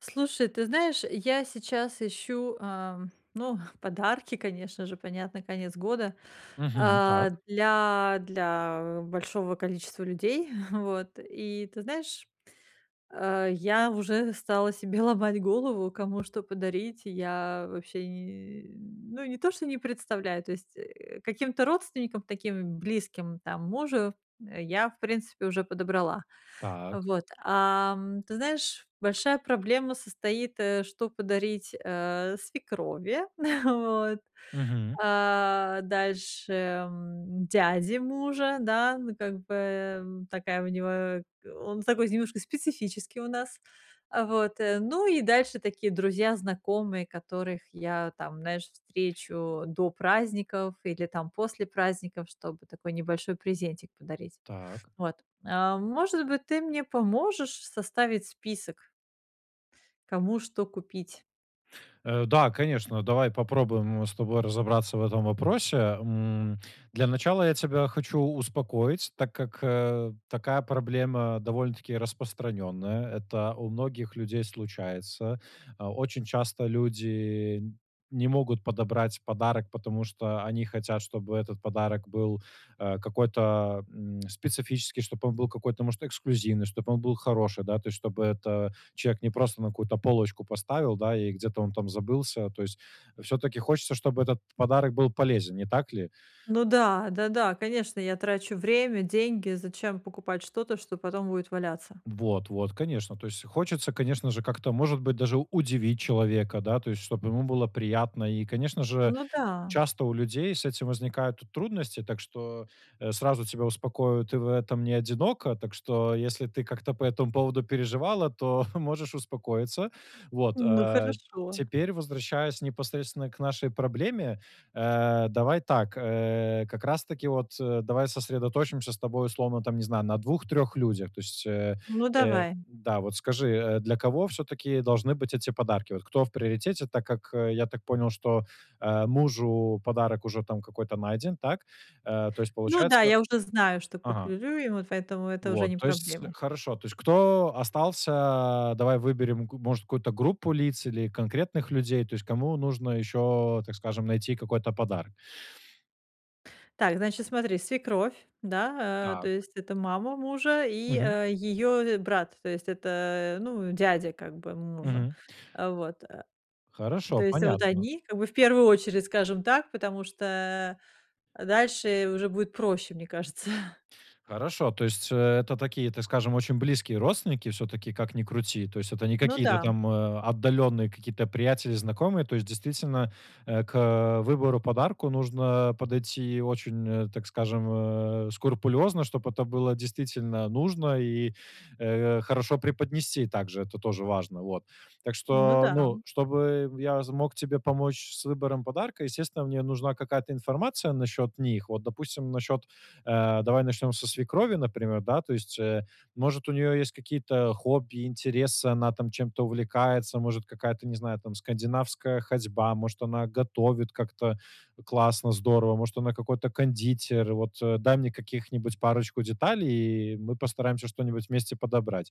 Слушай, ты знаешь, я сейчас ищу, ам, ну, подарки, конечно же, понятно, конец года, Мгм, так. а, для для большого количества людей, вот. И ты знаешь, а, я уже стала себе ломать голову, кому что подарить, я вообще ни, э, ну не то, что не представляю То есть, э, каким-то родственникам, таким близким, там мужу, а я в принципе уже подобрала, а Так. вот. А, м, ты знаешь, большая проблема состоит, э, что подарить, э, свекрови, вот. Мгм. А дальше, м, дяде мужа, да, ну как бы, м, такая у него он такой немножко специфический у нас, а, вот. Ну и дальше такие друзья, знакомые, которых я там, знаешь, встречу до праздников или там после праздников, чтобы такой небольшой презентик подарить. Так. Вот а, может быть, ты мне поможешь составить список кому что купить. Э, да, конечно, давай попробуем с тобой разобраться в этом вопросе, м. Для начала я тебя хочу успокоить, так как, э, такая проблема довольно-таки распространенная. Это у многих людей случается. А, очень часто люди не могут подобрать подарок, потому что они хотят, чтобы этот подарок был, а, какой-то, м, специфический, чтобы он был какой-то может эксклюзивный, чтобы он был хороший, да. То есть, чтобы это, человек не просто на какую-то полочку поставил, да, и где-то он там забылся. То есть всё-таки хочется, чтобы этот подарок был полезен. Не так ли? Ну да, да-да, конечно, я трачу время, деньги, зачем покупать что-то, что потом будет валяться? Вот вот, конечно, то есть хочется, конечно же, как-то может быть даже удивить человека да, то есть чтобы ему было приятно. И, конечно же, Ну, да. часто у людей с этим возникают трудности, так что, э, сразу тебя успокою: ты в этом не одинока. Так что, если ты как-то по этому поводу переживала, то можешь успокоиться. Вот, Ну, э. хорошо. Теперь возвращаясь непосредственно к нашей проблеме. Э, давай так, э, как раз-таки вот, э, давай сосредоточимся с тобой условно там, не знаю, на 2-3 людях. То есть, э Ну, э давай. Да, вот скажи, для кого всё-таки должны быть эти подарки, вот кто в приоритете? Так как я так понял, что, а, мужу подарок уже там какой-то найден, так. Э, то есть Ну да, получается я уже знаю, что Ага. куплю ему, поэтому это уже Вот, не то есть проблема. хорошо, то есть кто остался Давай выберем г может какую-то группу лиц или конкретных людей, то есть кому нужно еще, так скажем, найти какой-то подарок. Так, значит, смотри, свекровь, да, а, то Так. есть, это мама мужа, и, Мгм. э, ее, э, брат, то есть это, ну, дядя как бы мужа. Мгм. А, вот, а, Хорошо. то есть вот Понятно. они как бы в первую очередь, скажем так, потому что дальше уже будет проще, мне кажется. Хорошо, то есть, э, это такие, это, скажем, очень близкие родственники все-таки, как ни крути, то есть это не Ну какие-то да. там, а, отдаленные какие-то приятели, знакомые, то есть действительно, э, к выбору подарка нужно подойти очень, э, так скажем, э, скрупулезно, чтобы это было действительно нужно и, э, хорошо преподнести также, это тоже важно, вот. Так Ну что, да. ну, чтобы я з мог тебе помочь с выбором подарка, естественно, мне нужна какая-то информация насчет них. Вот, допустим, насчет, э, давай начнем со свекрови, например, да. То есть, э, может у нее есть какие-то хобби, интересы, она там чем-то увлекается, может какая-то, не знаю, там скандинавская ходьба, может она готовит как-то классно, здорово, может она какой-то кондитер. Вот дай мне каких-нибудь парочку деталей, и мы постараемся что-нибудь вместе подобрать.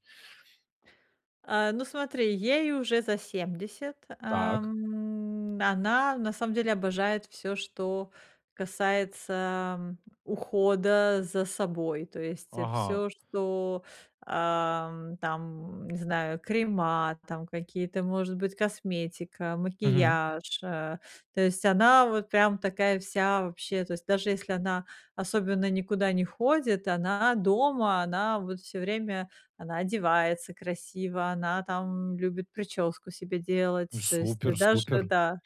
А, ну смотри, ей уже за 70, Так. ам, она на самом деле обожает всё, что касается, м, ухода за собой, то есть, э, Ага. всё, что, ам, там, не знаю, крема там какие-то, может быть, косметика, Мгм. макияж, а. То есть она вот прям такая вся вообще. То есть даже если она особенно никуда не ходит, она дома, она вот всё время, она одевается красиво, она там любит причёску себе делать, то есть Супер даже, супер. да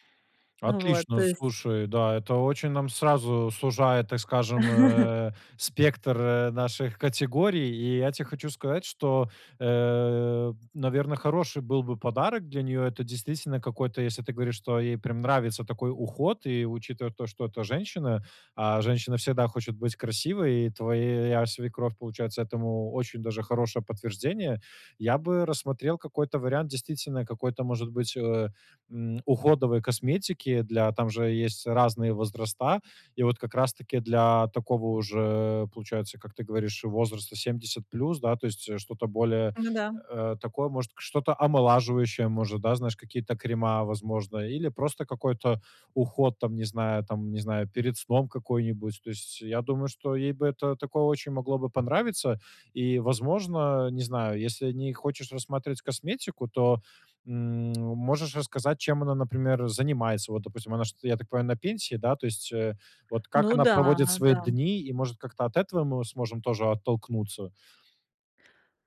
а, вот Отлично, то есть слушай, да. Это очень нам сразу сужает, так скажем, э, спектр, э, наших категорий. И я те хочу сказать, что, э, наверно, хороший был бы подарок для нее. Это действительно какой-то, если ты говоришь, что ей прям нравится такой уход и, учитывая то, что это женщина, а женщина всегда хочет быть красивой, и твоя свекровь получается этому очень даже хорошее подтверждение, я бы рассмотрел какой-то вариант действительно какой-то, может быть, э, м, уходовой косметики для там же есть разные возраста. И вот как раз таки для такого уже получается, как ты говоришь, возраста 70 плюс. Да, то есть что-то более, М, г да. э, такое, может, к что-то омолаживающее может, да, знаешь, какие-то крема, возможно, или просто какой-то уход там не знаю там не знаю перед сном какой-нибудь. То есть я думаю, что ей бы это такое очень могло бы понравиться. И, возможно, не знаю, если не хочешь рассматривать косметику, то, м, можешь рассказать чем она, например, занимается. Вот, допустим, она шт я так понимаю, на пенсии, да. То есть, э, вот как Ну она да, проводит свои да. дни, и, может, как-то от этого мы сможем тоже оттолкнуться?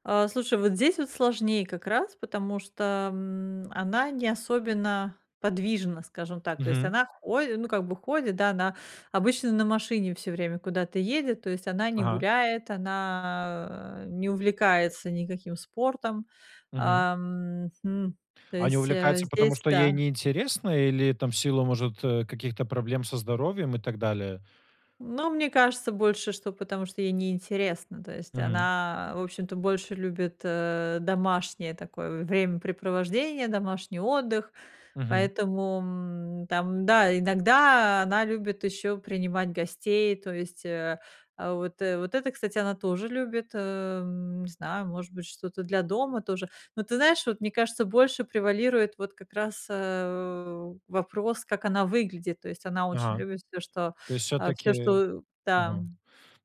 А, слушай, вот здесь вот сложнее как раз, потому что, м, она не особенно подвижна, скажем так, то есть Мгм. она ходи ну как бы ходит, да, она обычно на машине всё время куда-то едет, то есть она не Ага. гуляет, она не увлекается никаким спортом. Мгм. Ам, хм, то А не есть, э, увлекается, потому здесь что ей да. не интересно или там в силу, может, э, каких-то проблем со здоровьем и так далее? Но, мне кажется, больше что потому что ей не интересно. То есть Мгм. она, в общем-то, больше любит, э, домашнее такое времяпрепровождение, домашний отдых, Мгм. поэтому, м, там, да, иногда она любит еще принимать гостей, то есть, э э, вот вот это, кстати, она тоже любит, эм, не знаю, может быть, что-то для дома тоже. Ну, ты знаешь, вот мне кажется, больше превалирует вот как раз, э, у, вопрос, как она выглядит, то есть она очень Ага, любит всё, что, то есть а, всё, все-таки, что да. мгм,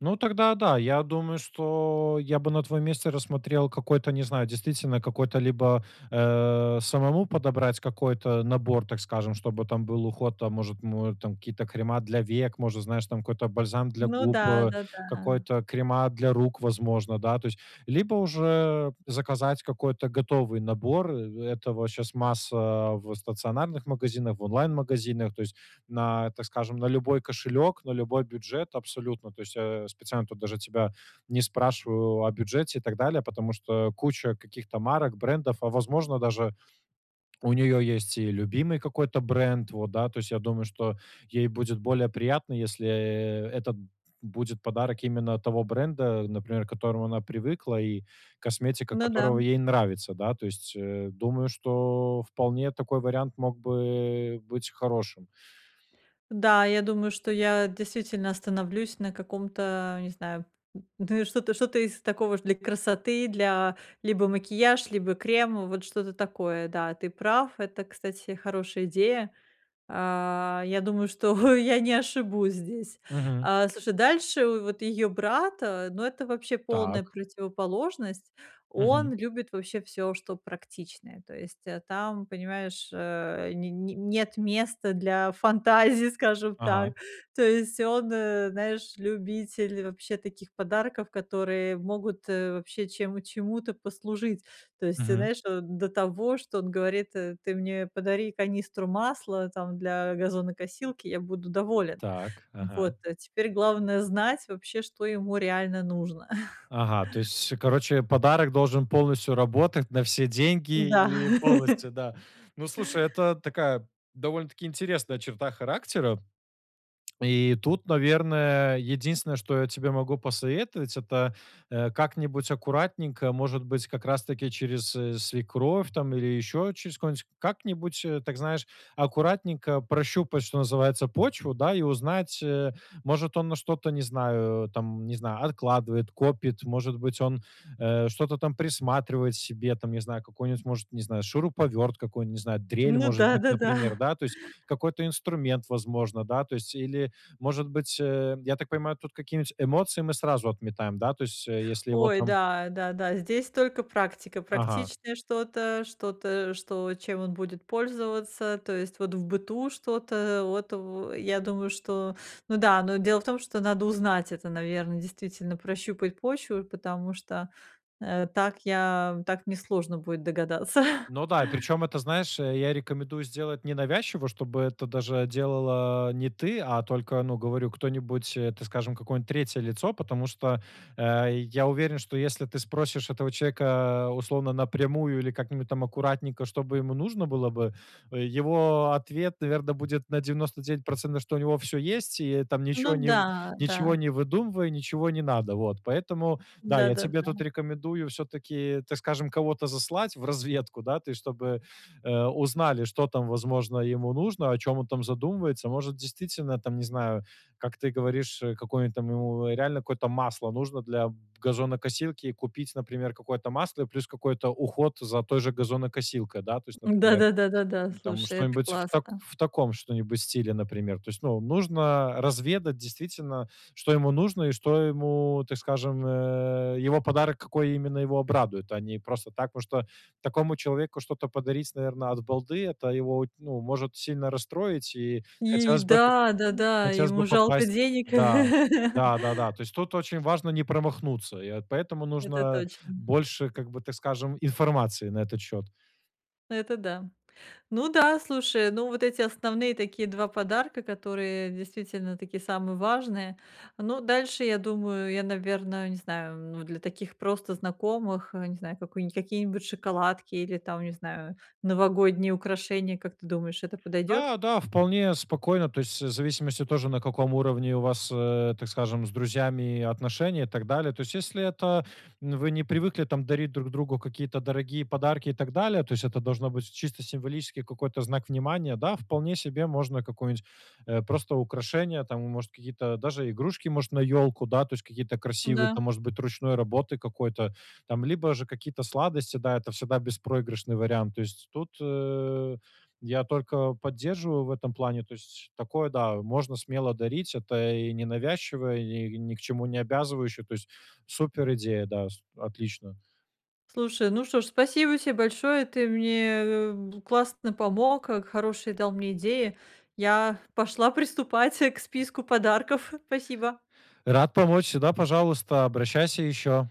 ну, тогда, да, я думаю, что я бы на твоем месте рассмотрел какой-то, не знаю, действительно какой-то либо, э, самому подобрать какой-то набор, так скажем, чтобы там был уход. Там, может, му э, там какие-то крема для век, может, знаешь, там какой-то бальзам для Ну губ, да, э, да-да. какой-то крема для рук, возможно, да, то есть, либо уже заказать какой-то готовый набор. Этого щас масса в стационарных магазинах, в онлайн-магазинах, то есть на, так скажем, на любой кошелек, на любой бюджет абсолютно. То есть я специально тут даже тебя не спрашиваю о бюджете и так далее, потому что куча каких-то марок, брендов, а, возможно даже, у нее есть и любимый какой-то бренд, вот да. То есть я думаю, что ей будет более приятно, если, э, это будет подарок именно того бренда, например, к которому она привыкла и косметика Ну которого да. ей нравится, да. То есть, э, думаю, что вполне такой вариант мог бы быть хорошим. Да, я думаю, что я действительно остановлюсь на каком-то, э, не знаю, м, ну, и что-то что-то из такого для красоты, для либо макияж, либо крем, вот что-то такое. Да, ты прав, это, кстати, хорошая идея. А, я думаю, что я не ошибусь здесь. Мгм. А слушай, дальше в вот её брат, а, ну, это вообще полная Так. противоположность, Мгм. он любит вообще всё, что практичное. То есть, а там, понимаешь, а, не не нет места для фантазии, скажем Ага. так. То есть он, э, знаешь, любитель вообще таких подарков, которые могут, э, вообще чем чему-то послужить. То есть, те Мгм. знаешь, до того, что он говорит, э: "Ты мне подари канистру масла там для газонокосилки, я буду доволен". Так, ага. Вот, теперь главное- знать вообще, что ему реально нужно. Ага, то есть, короче, подарок должен полностью работать на все деньги Да. и полностью, да. Ну, слушай, это такая довольно-таки интересная черта характера и тут, наверное, единственное, что я тебе могу посоветовать, это, э, как-нибудь аккуратненько, может быть, как раз таки через, э, свекровь там или еще через кого-нибудь, как-нибудь, э, так, знаешь, аккуратненько прощупать, что называется, почву, да, и узнать э, может он на что-то, не знаю, там не знаю, откладывает, копит, может быть, он, э, что-то там присматривает себе, там не знаю, какой-нибудь, может, не знаю, шуруповерт, какую, не знаю, дрель, Ну может быть, да-да-да. например, да. То есть какой-то инструмент, возможно, да, то есть или, может быть, эм, я так понимаю, тут какие-нибудь эмоции мы сразу отметаем, да, то есть если его Ой, там да, да, да, здесь только практика, Ага. практичное что-то что-то, что чем он будет пользоваться, то есть вот в быту что-то вот в я думаю, что ну да, но дело в том, что надо узнать это, наверно, действительно, прощупать почву, потому что, э, так я так мне сложно будет догадаться. Ну да, и причем это, знаешь, я рекомендую сделать ненавязчиво, чтобы это даже делала не ты, а только, ну, говорю, кто-нибудь, э, так скажем, какое-нибудь 3 лицо, потому что, э, я уверен, что если ты спросишь этого человека, условно, напрямую или как-нибудь там аккуратненько, чтобы ему нужно было бы, его ответ, наверно, будет на 99 %, что у него всё есть, и там Ну ничего не да, ничего да. не выдумывай, ничего не надо, вот. Поэтому да, я тебе Да-да-да. тут рекомендую все-таки, так скажем, кого-то заслать в разведку. Да, ты, чтобы, э, узнали, что там, возможно, ему нужно, о чем он там задумывается. Может, действительно, там, не знаю, как ты говоришь, э, какое-нибудь там ему реально какое-то масло нужно для газонокосилки, и купить, например, какое-то масло и плюс какой-то уход за той же газонокосилкой да, то есть, например, Да-да-да, да-да, там слушай, это что-нибудь в тако классно. в таком что-нибудь стиле, например. То есть, ну, нужно разведать действительно, что ему нужно и что ему, так скажем, э, его подарок, какой именно его обрадует, а не просто так, потому что такому человеку что-то подарить, наверно, от балды, это его оть ну, может сильно расстроить. И И хотелось бы как да, да, да. хотелось бы Ему жалко попасть. денег. Да. Да-да-да. То есть тут очень важно не промахнуться, и вот поэтому Это нужно точно. больше как бы, так скажем, информации на этот счет. Это да, ну да, слушай, ну, вот эти основные такие 2 подарка, которые действительно такие самые важные. Ну, дальше я думаю, я, наверное, не знаю, м, для таких просто знакомых, э, не знаю, какую-ни какие-нибудь шоколадки или там, не знаю, новогодние украшения, как ты думаешь, это подойдет? Да, да, вполне спокойно. То есть в зависимости тоже на каком уровне у вас, э, так скажем, с друзьями отношения и так далее. То есть если это м, вы не привыкли там дарить друг другу какие-то дорогие подарки и так далее, то есть это должно быть чисто символический какой-то знак внимания. Да, вполне себе можно какую-нибудь, э, просто украшение, там и, может, какие-то даже игрушки, может, на елку, да, то есть какие-то красивые М-да. там, может быть, ручной работы какой-то там, либо же какие-то сладости. Да, это всегда беспроигрышный вариант. То есть тут, э, я только поддерживаю в этом плане, то есть такое, да, можно смело дарить. Это и ненавязчивая и ни к чему не обязывающая, то есть суперидея. Да, с отлично. Слушай, ну что ж, спасибо тебе большое, ты мне бу классно помог, э, к хорошие дал мне идеи. Я пошла приступать к списку подарков. Спасибо. Рад помочь, всегда пожалуйста, обращайся еще.